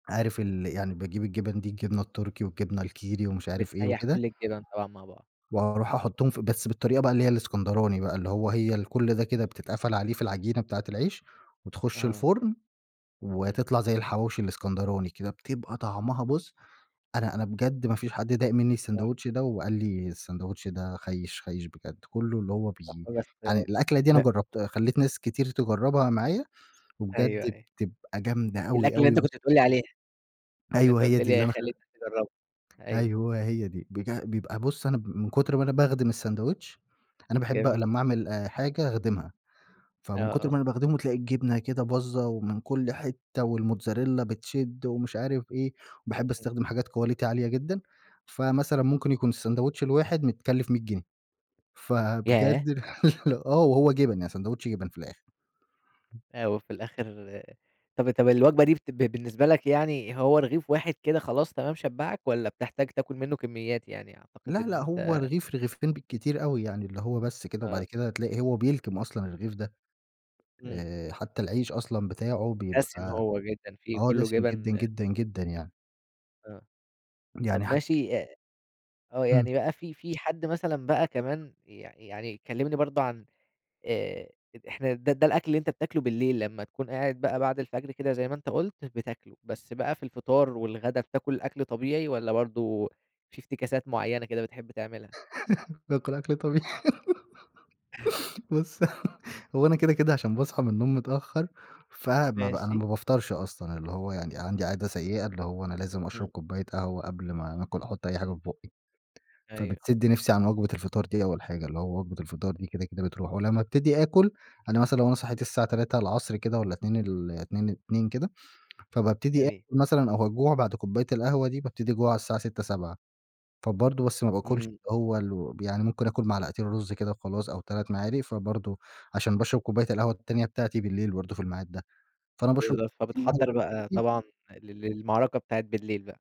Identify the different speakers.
Speaker 1: عارف ال يعني باجيب الجِبَن دي الجبنة التركي، والجبنة الكيري ومش عارف إيه
Speaker 2: بتسيَحّ
Speaker 1: وكده.
Speaker 2: كل الجِبَن طبعًا مع بعض.
Speaker 1: وأروح أحُطُّهم في بس بالطريقة بقى اللي هي الإسكندراني بقى، اللي هو هي الكل ده كده بتتقفل عليه في العجينة بتاعة العيش وتخُش
Speaker 2: اه.
Speaker 1: الفُرن،
Speaker 2: إمم.
Speaker 1: وتطلع زي الحواوشي الإسكندراني كده، بتبقى طعمها بُصّ أنا أنا بجد ما فيش حد داق منّي
Speaker 2: صح.
Speaker 1: الساندويتش ده وقال لي الساندويتش ده خيش خيش بجد، كله اللي هو بي
Speaker 2: لحظة بس
Speaker 1: أنا الأكلة دي أنا
Speaker 2: [unintelligible]
Speaker 1: جرّبت خليت ناس كتير تجربها معايا
Speaker 2: أيوه
Speaker 1: وبجد
Speaker 2: أيوه.
Speaker 1: بتبقى جامدة أوي
Speaker 2: الأكلة اللي
Speaker 1: أوي
Speaker 2: أنت
Speaker 1: ب
Speaker 2: كنت بتقول لي عليها، اللي
Speaker 1: أيوه
Speaker 2: أنت
Speaker 1: هي
Speaker 2: قُلت
Speaker 1: دي اللي
Speaker 2: لي
Speaker 1: أنا خ
Speaker 2: خليتك تجرّبها. أيوه.
Speaker 1: أيوه هي دي، بج بيبقى بُصّ أنا م من كُتر ما أنا باخدم الساندويتش أنا باحب
Speaker 2: جميل.
Speaker 1: لما أعمل آآ، حاجة أخدمها،
Speaker 2: آه
Speaker 1: فمن كُتر ما
Speaker 2: آه.
Speaker 1: أنا باخدمه تلاقي الجبنة كده باظّة ومن كل حتة والموتزاريلّا بتشِد ومش عارف إيه، باحب
Speaker 2: [unintelligible]
Speaker 1: أستخدم حاجات quality عالية جدًا، فمثلّا ممكن يكون الساندويتش الواحد متكلف 100 جنيه.
Speaker 2: ياه!
Speaker 1: فبجد آه وهو جِبَن يعني ساندويتش جِبَن في الآخر.
Speaker 2: أ وفي الآخر طب طب الوجبة دي بت ب بالنسبة لك يعني هو رغيف واحد كده خلاص تمام شبّعك؟ والّا بتحتاج تاكل منه كميات يعني؟ أعتقد
Speaker 1: لا لأ
Speaker 2: إن
Speaker 1: هو
Speaker 2: أنت
Speaker 1: رغيف، رغيفين بالكتير أوي. يعني اللي هو بس كده وبعد
Speaker 2: آه.
Speaker 1: كده تلاقي هو بيلكم أصلًا الرغيف ده.
Speaker 2: إمم.
Speaker 1: آآ حتى العيش أصلًا بتاعه
Speaker 2: دسم
Speaker 1: بيبقى
Speaker 2: هو جدًا فيه
Speaker 1: آه
Speaker 2: كله
Speaker 1: دسم جدًا،
Speaker 2: جبن
Speaker 1: جدًا،
Speaker 2: [unintelligible]
Speaker 1: جدًا يعني.
Speaker 2: آه.
Speaker 1: يعني
Speaker 2: طب
Speaker 1: حت
Speaker 2: ماشي أ
Speaker 1: إمم.
Speaker 2: يعني بقى في في حد مثلًا بقى كمان ي يعني كلّمني برضه عن آآ، إحنا ده ده الأكل اللي أنت بتاكله بالليل، لما تكون قاعد بقى بعد الفجر كده زي ما أنت قُلت بتاكله، بس بقى في الفطار، والغدا بتاكل الأكل طبيعي والّا برضه في افتكاسات معينة كده بتحب تعملها؟
Speaker 1: باكل أكل طبيعي. بُصّ هو أنا كده كده عشان باصحى من النوم متأخر فما ب أنا
Speaker 2: ماشي.
Speaker 1: ما بافطرش أصلًا اللي هو يعني عندي عادة سيئة اللي هو أنا لازم أشرب
Speaker 2: إمم.
Speaker 1: كوباية قهوة قبل ما ناكل أحط أي حاجة في في بُقي،
Speaker 2: أيوه.
Speaker 1: فبتسد نفسي عن وجبة الفطار دي أول حاجة، اللي هو وجبة الفطار دي كده كده بتروح، ولما ابتدي آكل أنا مثلًا لو أنا صحيت الساعة 15:00 كده والّا 14:00 ال اتنين اتنين كده، فبابتدي
Speaker 2: جميل.
Speaker 1: آكل مثلًا أو أجوع بعد كوباية القهوة دي بابتدي أجوع على الساعة 18:00، 19:00 فبرضه بس ما باكلش
Speaker 2: إمم.
Speaker 1: اللي هو ال يعني ممكن آكل معلقتين رُز كده وخلاص أو 3 معالِق، فبرضه عشان باشرب كوباية القهوة التانية بتاعتي بالليل برضه في المعاد ده، فأنا باشرب
Speaker 2: بالضبط، فبتحَضّر بقى
Speaker 1: [unintelligible]
Speaker 2: طبعًا ل للمعركة بتاعة بالليل بقى.